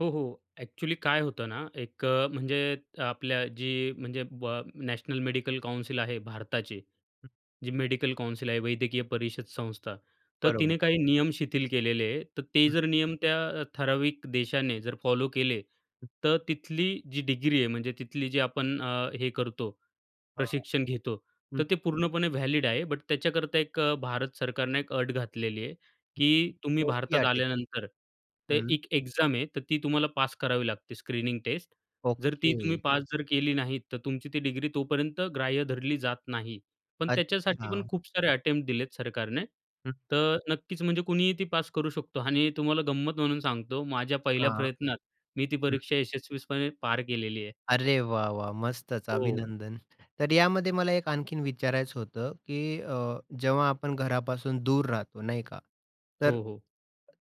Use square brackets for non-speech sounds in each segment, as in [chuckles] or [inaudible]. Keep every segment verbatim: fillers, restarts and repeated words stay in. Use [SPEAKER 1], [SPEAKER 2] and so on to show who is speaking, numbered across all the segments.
[SPEAKER 1] हो, हो. अ‍ॅक्चुअली काय होतं ना एक अ, म्हणजे आपल्या जी म्हणजे ब नॅशनल मेडिकल काउंसिल आहे, भारताचे, जी मेडिकल काउंसिल आहे, वैद्यकीय परिषद संस्था, तर
[SPEAKER 2] बरोबर.
[SPEAKER 1] तिने काही नियम शिथिल केलेले आहे. तर ते
[SPEAKER 2] हं.
[SPEAKER 1] जर नियम त्या ठराविक देशाने जर फॉलो केले, तर तिथली जी डिग्री आहे म्हणजे तिथली जी आपण अ, हे करतो
[SPEAKER 2] हां,
[SPEAKER 1] प्रशिक्षण घेतो,
[SPEAKER 2] हं.
[SPEAKER 1] तर ते पूर्णपणे व्हॅलिड आहे. बट त्याच्याकरता एक अ, भारत सरकारनं एक अट घातलेली आहे, की तुम्ही
[SPEAKER 2] कोणती
[SPEAKER 1] भारतात
[SPEAKER 2] अट आहे?
[SPEAKER 1] आल्यानंतर ते
[SPEAKER 2] हं.
[SPEAKER 1] एक एक्झाम आहे तर ती तुम्हाला पास करावी लागते स्क्रीनिंग टेस्ट. जर ती
[SPEAKER 2] ओके.
[SPEAKER 1] तुम्ही पास जर केली नाही, तर तुमची ती डिग्री तोपर्यंत ग्राह्य धरली जात नाही. पण त्याच्यासाठी
[SPEAKER 2] अच्छा.
[SPEAKER 1] पण खूप सारे अटेम्प्ट दिलेत सरकारने,
[SPEAKER 2] हं.
[SPEAKER 1] तर नक्कीच म्हणजे कुणीही ती पास करू शकतो आणि तुम्हाला गंमत म्हणून सांगतो, माझ्या पहिल्या
[SPEAKER 2] हां,
[SPEAKER 1] प्रयत्नात मी ती
[SPEAKER 2] हं.
[SPEAKER 1] परीक्षा यशसस्वीपणे पार केली आहे.
[SPEAKER 2] अरे वाह! वाह! मस्तच
[SPEAKER 1] हो.
[SPEAKER 2] अभिनंदन. तर यामध्ये मला एक आणखीन विचारायचं होतं, की अ, जेव्हा आपण घरापासून दूर राहतो नाही का, तर
[SPEAKER 1] हो, हो.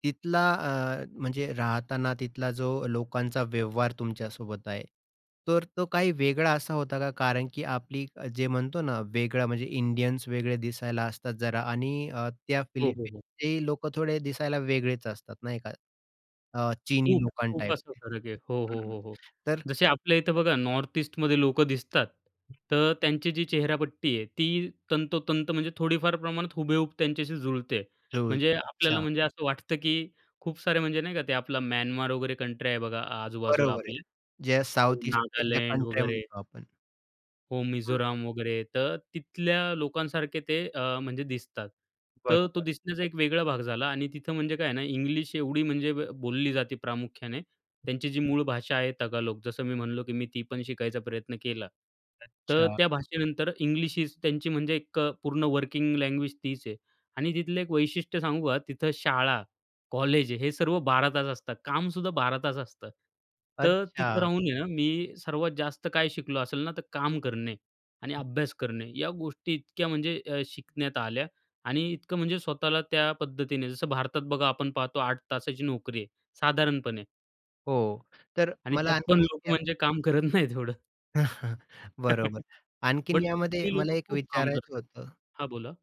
[SPEAKER 2] तिथला अ, म्हणजे राहताना तिथला जो लोकांचा व्यवहार तुमच्यासोबत आहे, तर तो काही वेगळा असा होता? का कारण की आपली जे म्हणतो ना वेगळा म्हणजे इंडियन्स वेगळे दिसायला असतात जरा आणि अ, त्या
[SPEAKER 1] हो, हो, हो.
[SPEAKER 2] फिलिपीन्सचेही लोकं थोडे दिसायला वेगळेच असतात नाही का? अ, चिनी
[SPEAKER 1] खूप,
[SPEAKER 2] लोकां
[SPEAKER 1] खूप
[SPEAKER 2] टाइप,
[SPEAKER 1] असा फरक आहे. हो,
[SPEAKER 2] हं,
[SPEAKER 1] हो,
[SPEAKER 2] हं.
[SPEAKER 1] हो, हो.
[SPEAKER 2] तर
[SPEAKER 1] जसे आपल्या इथं बघा नॉर्थ ईस्टमध्ये लोकं दिसतात, तर त्यांची जी चेहरापट्टी आहे, ती तंतोतंत म्हणजे थोडीफार प्रमाणात हुबेहूब त्यांच्याशी जुळते. म्हणजे
[SPEAKER 2] [unintelligible]
[SPEAKER 1] आपल्याला
[SPEAKER 2] अच्छा.
[SPEAKER 1] म्हणजे असं वाटतं, की खूप सारे म्हणजे नाही का ते आपला म्यानमार वगैरे कंट्री आहे बघा आजू-बाजूला
[SPEAKER 2] बरोबर आहे.
[SPEAKER 1] आपले
[SPEAKER 2] ज्या साउथ ईस्ट [unintelligible] च्या
[SPEAKER 1] नागालँड
[SPEAKER 2] कंट्र्या
[SPEAKER 1] वगैरे.
[SPEAKER 2] म्हणतो आपण.
[SPEAKER 1] हो,
[SPEAKER 2] हं.
[SPEAKER 1] मिझोराम वगैरे तर तिथल्या लोकांसारखे ते अ, म्हणजे दिसतात. तर तो
[SPEAKER 2] बरोबर.
[SPEAKER 1] दिसण्याचा एक वेगळा भाग झाला आणि तिथे म्हणजे काय आहे ना इंग्लिश एवढी म्हणजे अ, ब बोलली जाते प्रामुख्याने. त्यांची जी मूळ भाषा आहे तगालोक. जसं मी म्हणालो, की मी ती पण शिकायचा प्रयत्न केला. तर
[SPEAKER 2] अच्छा.
[SPEAKER 1] त्या भाषेनंतर इंग्लिश हीच त्यांची म्हणजे एक अ, पूर्ण वर्किंग लँग्वेज तीच आहे आणि तिथलं एक वैशिष्ट्य सांगू का तिथे शाळा, कॉलेज हे सर्व बारा तास असतात. कामसुद्धा बारा तास असतं. तर तिथे
[SPEAKER 2] अच्छा.
[SPEAKER 1] राहून आहे ना, मी सर्वात जास्त काय शिकलो असेल ना तर काम करणे आणि अभ्यास करणे या गोष्टी इतक्या म्हणजे अ, शिकण्यात आल्या आणि इतकं म्हणजे स्वतःला त्या पद्धतीने जसं भारतात बघा आपण पाहतो आठ तासाची नोकरी आहे साधारणपणे.
[SPEAKER 2] हो, तर
[SPEAKER 1] आणि त्यात
[SPEAKER 2] मला
[SPEAKER 1] पण
[SPEAKER 2] आणखीन एक.
[SPEAKER 1] लोक
[SPEAKER 2] [unintelligible]
[SPEAKER 1] म्हणजे काम करत नाहीत एवढं.
[SPEAKER 2] [chuckles] बरोबर,
[SPEAKER 1] [chuckles]
[SPEAKER 2] आणखीन
[SPEAKER 1] बट
[SPEAKER 2] यामध्ये
[SPEAKER 1] तिथली
[SPEAKER 2] मला
[SPEAKER 1] लोकं
[SPEAKER 2] एक
[SPEAKER 1] खूप काम
[SPEAKER 2] विचारायचं
[SPEAKER 1] करतात.
[SPEAKER 2] होतं.
[SPEAKER 1] हां, बोला.